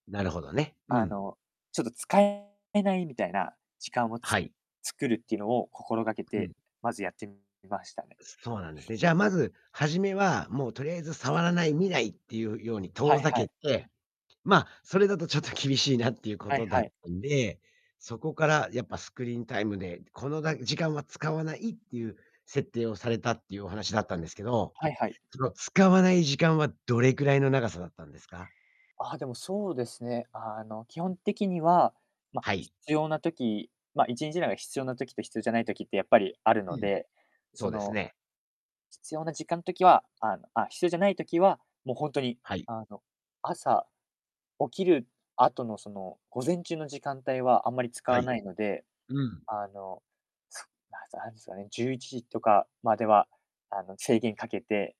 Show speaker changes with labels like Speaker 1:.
Speaker 1: なるほどね。う
Speaker 2: あ
Speaker 1: ん。
Speaker 2: の、ちょっと使ええないみたいな時間をつ
Speaker 1: はい。
Speaker 2: 作るっていうのを心がけ
Speaker 1: うん。
Speaker 2: て、まずやってみましたね。
Speaker 1: そうなんですね。じゃあ、まず初めは、もうとりあえず触らない、見ないっていうように
Speaker 2: は
Speaker 1: 遠
Speaker 2: い
Speaker 1: ざ
Speaker 2: は
Speaker 1: け
Speaker 2: い。
Speaker 1: て、ま、それだとちょっと厳しいなっていうこ
Speaker 2: はい
Speaker 1: とだ
Speaker 2: は
Speaker 1: っ
Speaker 2: い。
Speaker 1: たんで、そこからやっぱスクリーンタイムで、このだ時間は使わないっていう設定をされたっていうお話だったんですけど、
Speaker 2: はいはい。
Speaker 1: その使わない時間はどれぐらいの長さだったんですか？
Speaker 2: あ、でもそうですね、あの、基本的には、ま、
Speaker 1: はい。
Speaker 2: 必要な時、ま、1日中で必要な時と必要じゃない時ってやっぱりある
Speaker 1: う
Speaker 2: の
Speaker 1: ん、
Speaker 2: で、そ
Speaker 1: そうです
Speaker 2: の、
Speaker 1: ね。
Speaker 2: 必要な時間ん時はあの、あ必要じゃない時は、もうほんとに、
Speaker 1: はい。
Speaker 2: あの、朝起きる後の、その、午前中の時間帯はあんまり使
Speaker 1: は
Speaker 2: わ
Speaker 1: い。
Speaker 2: ないので、
Speaker 1: うん。
Speaker 2: あの、すあずあ、そうね、11時とかまでは、あの、制限かけて